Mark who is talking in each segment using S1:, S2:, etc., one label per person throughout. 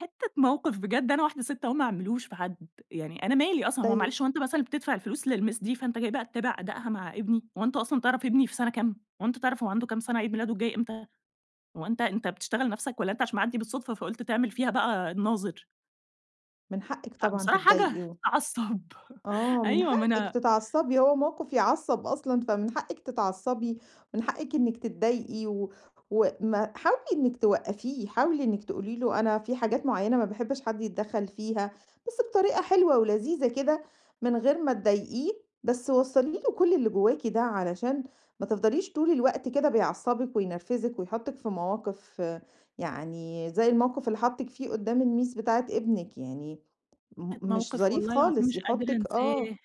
S1: حتة موقف بجد أنا واحدة ست أهو ما اعملوش في حد، يعني أنا مالي أصلًا، هو
S2: طيب.
S1: معلش هو أنت مثلًا بتدفع الفلوس للMiss دي فأنت جاي بقى تتابع أدائها مع ابني، هو أنت أصلًا تعرف ابني في سنة كام؟ هو أنت تعرف هو عنده كام سنة؟ عيد ميلاده الجاي إمتى؟ هو أنت أنت بتشتغل نفسك والّا أنت عشان معدي بالصدفة فقلت تعمل فيها بقى الناظر؟
S2: من حقِك طبعًا
S1: فبصراحة حاجة
S2: تتضايقي و
S1: تعصب.
S2: آه من
S1: أيوه ما
S2: حقِك
S1: أنا
S2: تتعصبي هو موقف يعصب أصلًا فمن حقكِ تتعصبي، ومن حقكِ أنكِ تتضايقي و وما حاولي أنكِ توقفيه، حاولي أنكِ تقولي له أنا في حاجات معينة ما باحبش حد يتدخل فيها، بس بطريقة حلوة ولذيذة كده، من غير ما تضايقيه بس وصَّلي له كل اللي جواكِ ده علشان ما تفضليش طول الوقت كده بيعصبِك وينرفزِك ويحطِك في مواقف، يعني زي الموقف اللي حاطِك فيه قدام الMiss بتاعة ابنِك يعني م
S1: حتة
S2: مش
S1: موقف
S2: ظريف
S1: والله العظيم
S2: خالص
S1: مش قادرة
S2: يحطِك آه.
S1: انساه.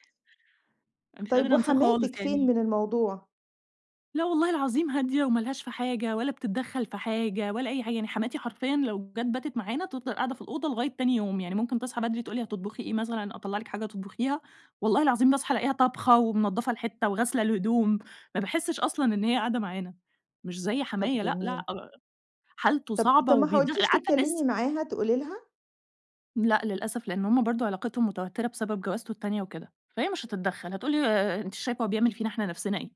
S1: أنا مش
S2: طيب
S1: قادرة أنساه خالص
S2: وحماتِك فين
S1: يعني
S2: من الموضوع؟
S1: لا والله العظيم هادية وما لهاش في حاجة ولا بتتدخل في حاجة ولا أي حاجة، يعني حماتي حرفيًا لو جت باتت معانا تفضل قاعدة في الأوضة لغاية تاني يوم، يعني ممكن تصحى بدري تقول لي هتطبخي إيه مثلًا أطلع لِك حاجة تطبخيها، والله العظيم باصحى ألاقيها طابخة ومنضفة الحتة وغاسلة الهدوم. ما باحسش أصلًا إن هي قاعدة معانا، مش زي
S2: طب
S1: حمايا لأ،
S2: جميل.
S1: لأ حالته
S2: طب
S1: صعبة
S2: طب ما
S1: وبيد
S2: حاولتيش
S1: عارفة
S2: تتكلمي
S1: الناس
S2: معاها، تقولي لها؟
S1: لأ للأسف لإن هم برضه علاقتهم متوترة بسبب جوازته التانية وكده، فهي مش هتتدخَّل هتقول لي ما انتيش شايفة هو بيعمل فينا إحنا نفسنا إيه؟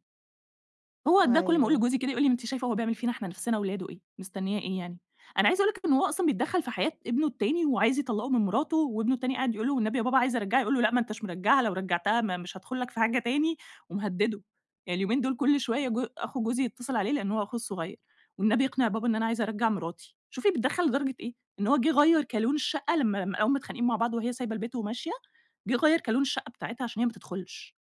S1: هو ده كل ما أقول
S2: أيوه.
S1: لجوزي كده يقول لي أنتِ شايفه هو بيعمل فينا إحنا نفسنا ولاده إيه، مستنيه إيه يعني؟ أنا عايزة أقول لِك إنه هو أصلًا بيتدخل في حياة ابنه التاني وعايز يطلقه من مراته وابنه التاني قاعد يقول له: "والنبي يا بابا عايز أرجعها" يقول له: "لأ ما نتش مرجعها، لو رجعتها ما مش هادخل لك في حاجة تاني،" ومهدده. يعني اليومين دول كل شوية جو أخو جوزي يتصل عليه لإن هو أخوه الصغير، "والنبي اقنع بابا إن أنا عايز أرجَّع مراتي،" شوفي بيتدخل لدرجة إيه، إن هو جه غيَّر كالون الشقة لما لاقاهم متخانقين مع بعض وهي سايبة البيت وماشية، جه غيَّر كالون الشقة بتاعتها عشان هي ما تدخلش.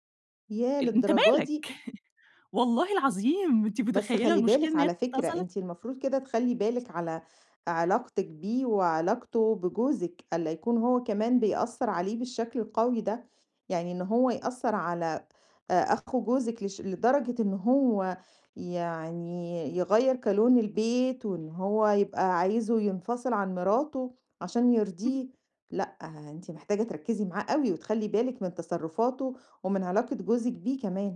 S2: ياه!
S1: أنت
S2: للدرجة
S1: مالك؟
S2: دي؟
S1: والله العظيم أنتِ
S2: بس
S1: متخيلة
S2: خلَّي
S1: المشكلة
S2: بالِك
S1: إن هي
S2: على فكرة
S1: اتصلت
S2: أنتِ المفروض كده تخلَّي بالِك على علاقتِك بيه وعلاقته بجوزِك، ألّا يكون هو كمان بيأثر عليه بالشكل القوي ده، يعني إن هو يأثر على أخو جوزِك لش لدرجة إن هو يعني يغيَّر كالون البيت، وإن هو يبقى عايزه ينفصل عن مراته عشان
S1: [unintelligible]
S2: يرضيه، لأ أنتِ محتاجة تركزي معاه أوي وتخلَّي بالِك من تصرفاته، ومن علاقة جوزِك بيه كمان.